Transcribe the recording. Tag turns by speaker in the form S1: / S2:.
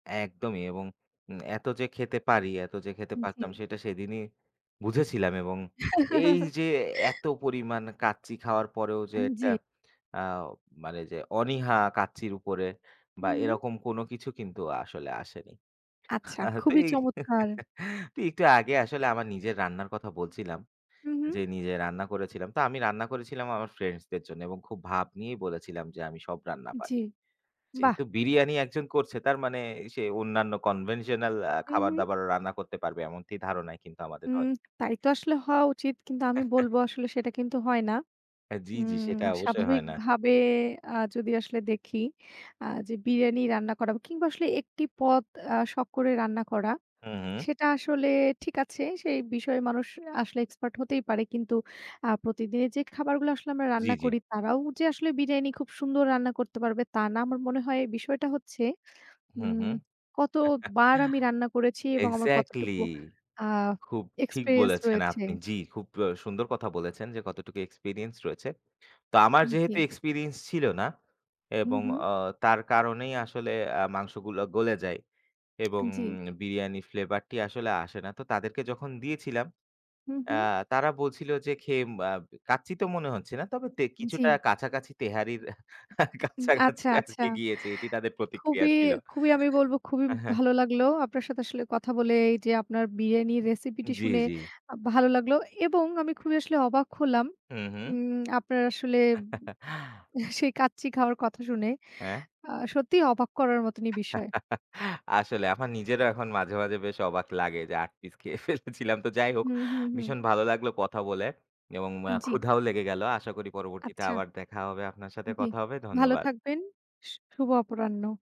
S1: একদমই এবং উম এত যে খেতে পারি এত যে খেতে
S2: উম
S1: পারতাম
S2: জী।
S1: সেটা সেদিনই বুঝেছিলাম এবং এই যে এত পরিমাণ কাচ্চি খাওয়ার পরেও যে
S2: আন,
S1: ১ টা
S2: জ্বী।
S1: আও মানে যে অনীহা কাচ্চির উপরে বা
S2: হুম, হুম।
S1: এরকম কোন কিছু কিন্তু আসলে আসেনি।
S2: আচ্ছা,
S1: আ
S2: খুবই
S1: তেই তো
S2: চমৎকার!
S1: একটু আগে আসলে আমার নিজের রান্নার কথা বলছিলাম।
S2: হুম, হুম।
S1: যে নিজে রান্না করেছিলাম। তো আমি রান্না করেছিলাম আমার ফ্রেন্ডসদের জন্য এবং খুব ভাব নিয়ে বলেছিলাম যে আমি সব রান্না
S2: জ্বি,
S1: পারি।
S2: বাহ!
S1: যেহেতু বিরিয়ানি একজন করছে তার মানে সে অন্যান্য Conventional আ
S2: হুম,
S1: খাবার
S2: হুম।
S1: দাবারও রান্না করতে পারবে। এমনটি ধারণাই কিন্তু আমাদের
S2: উম
S1: হয়।
S2: তাই তো আসলে হওয়া উচিত। কিন্তু আমি বলব, আসলে সেটা কিন্তু হয় না।
S1: হ্যাঁ। জ্বি, জ্বি,
S2: উম
S1: সেটা অবশ্যই হয় না।
S2: স্বাভাবিকভাবে আ যদি আসলে দেখি আ যে বিরিয়ানি রান্না করা কিংবা আসলে ১ টি পদ অ্যা শখ করে রান্না করা।
S1: হুম, হুম।
S2: সেটা আসলে ঠিক আছে। সেই বিষয়ে মানুষ আসলে expert হতেই পারে। কিন্তু আ প্রতিদিনের যে খাবারগুলা আসলে আমরা
S1: জ্বি,
S2: রান্না
S1: জ্বি।
S2: করি তারাও যে আসলে বিরিয়ানি খুব সুন্দর রান্না করতে পারবে তা না। আমার মনে হয় বিষয়টা হচ্ছে,
S1: হুম,
S2: উম
S1: হুম।
S2: কত বার আমি রান্না করেছি এবং আমার
S1: exactly
S2: কতটুকু আ
S1: খুব ঠিক
S2: experience
S1: বলেছেন
S2: রয়েছে।
S1: আপনি। জি, খুব অ সুন্দর কথা বলেছেন যে কতটুকু experience রয়েছে। তা আমার
S2: উম জ্বি।
S1: যেহেতু experience ছিল না
S2: হু,
S1: এবং
S2: হু।
S1: অ তার কারণেই আসলে অ্যা আসলে মাংসগুলো গলে যায়। এবং
S2: জ্বি।
S1: বিরিয়ানি Flavor টি আসলে আসে না। তো তাদেরকে যখন দিয়েছিলাম,
S2: হুম,
S1: অ্যা
S2: হুম।
S1: তারা বলছিল যে খেয়ে আম কাচ্চি তো মনে হচ্ছে না। তবে তে কিছুটা
S2: জ্বি।
S1: কাছাকাছি তেহারির
S2: উম
S1: কাছাকাছি
S2: আচ্ছা, আচ্ছা।
S1: আরকি গিয়েছে এটি তাদের প্রতিক্রিয়া
S2: খুবই
S1: ছিল।
S2: খুবই আমি বলবো খুবই
S1: আ হ্যাঁ।
S2: ভালো লাগলো। আপনার সাথে আসলে কথা বলে এই যে আপনার বিরিয়ানির রেসিপিটি
S1: জী,
S2: শুনে
S1: জী।
S2: আ ভালো লাগলো। এবং আমি খুবই আসলে অবাক হলাম।
S1: হুম, হুম।
S2: উম আপনার আসলে সেই কাচ্চি খাওয়ার কথা শুনে।
S1: হ্যাঁ?
S2: আ সত্যিই অবাক করার মতনই বিষয়।
S1: আসলে আমার নিজেরও এখন মাঝে, মাঝে বেশ অবাক লাগে যে ৮ পিস খেয়ে ফেলেছিলাম। তো যাই হোক,
S2: হুম, হুম, হুম।
S1: ভীষণ ভালো লাগলো কথা বলে এবং অ্যা
S2: জ্বি।
S1: ক্ষুধাও লেগে গেল। আশা করি পরবর্তী তে
S2: আচ্ছা।
S1: আবার দেখা হবে আপনার সাথে
S2: জ্বি।
S1: কথা হবে।
S2: ভালো
S1: ধন্যবাদ।
S2: থাকবেন। শু শুভ অপরাহ্ন।